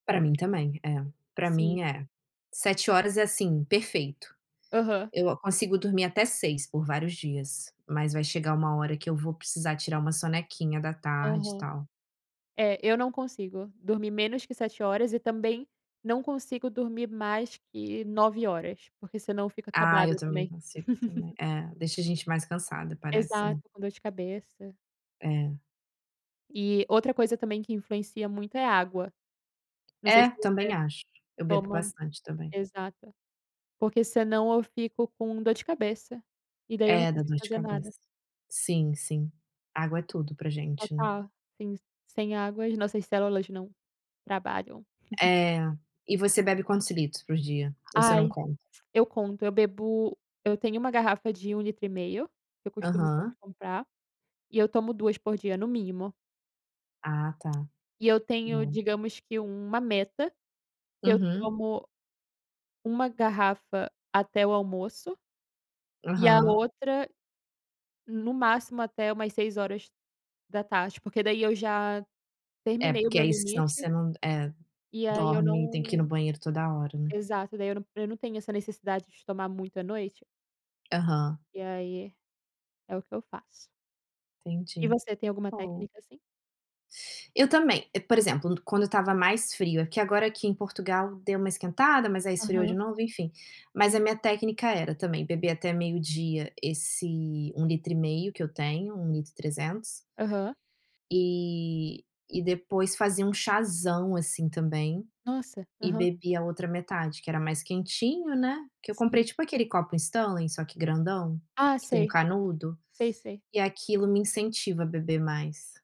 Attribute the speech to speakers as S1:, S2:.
S1: Para mim também é, para
S2: Sim.
S1: mim é, 7 horas é, assim, perfeito.
S2: Aham.
S1: Eu consigo dormir até 6 por vários dias, mas vai chegar uma hora que eu vou precisar tirar uma sonequinha da tarde e
S2: Aham.
S1: tal.
S2: É, eu não consigo dormir menos que 7 horas e também não consigo dormir mais que 9 horas, porque senão eu fico
S1: Ah, eu
S2: acabada
S1: também não
S2: também.
S1: consigo também, é deixa a gente mais cansada parece, né.
S2: Exato, com dor de cabeça.
S1: É.
S2: E outra coisa também que influencia muito é água. Não sei
S1: É,
S2: se você
S1: também acho, eu bebo
S2: toma,
S1: bastante também.
S2: exato. Porque senão eu fico com dor de cabeça e daí eu não
S1: É, dá
S2: consigo
S1: dor de
S2: fazer
S1: cabeça.
S2: nada.
S1: Sim, sim, água é tudo para gente.
S2: Total, sim sem água as nossas células não trabalham.
S1: É, e você bebe quantos litros por dia? Ou você não
S2: Ai,
S1: conta?
S2: eu conto, eu bebo eu tenho uma garrafa de 1 litro e meio, que eu costumo sempre
S1: Aham.
S2: comprar, e eu tomo 2 por dia no mínimo.
S1: Ah, tá.
S2: E eu tenho
S1: Bom.
S2: digamos que uma meta, que eu
S1: Uhum.
S2: tomo uma garrafa até o almoço, e a
S1: Aham.
S2: outra no máximo até umas 6h, porque daí eu já
S1: É
S2: terminei o
S1: porque
S2: meu
S1: aí senão
S2: limite
S1: você não, eh,
S2: e aí eu
S1: dorme, tem que ir no
S2: não,
S1: banheiro toda hora, né.
S2: exato daí eu não eu não tenho essa necessidade de tomar muito à noite.
S1: Aham.
S2: E aí, é o que eu faço. E
S1: Entendi.
S2: você tem alguma
S1: Bom.
S2: técnica assim?
S1: Eu também, por exemplo quando estava mais frio, que agora aqui em Portugal deu uma esquentada mas aí esfriou de
S2: Aham.
S1: novo enfim, mas a
S2: Sim.
S1: minha técnica era também beber até meio-dia esse 1 litro e meio que eu tenho, 1 litro e 300
S2: Aham.
S1: e e depois fazer um chazão assim também,
S2: Nossa,
S1: e
S2: aham.
S1: bebi a outra metade que era mais quentinho, né, que eu
S2: Sim.
S1: comprei tipo aquele copo Stanley só que grandão,
S2: Ah,
S1: que tem um
S2: sei.
S1: canudo,
S2: Sei, sei.
S1: e aquilo me incentiva a beber mais.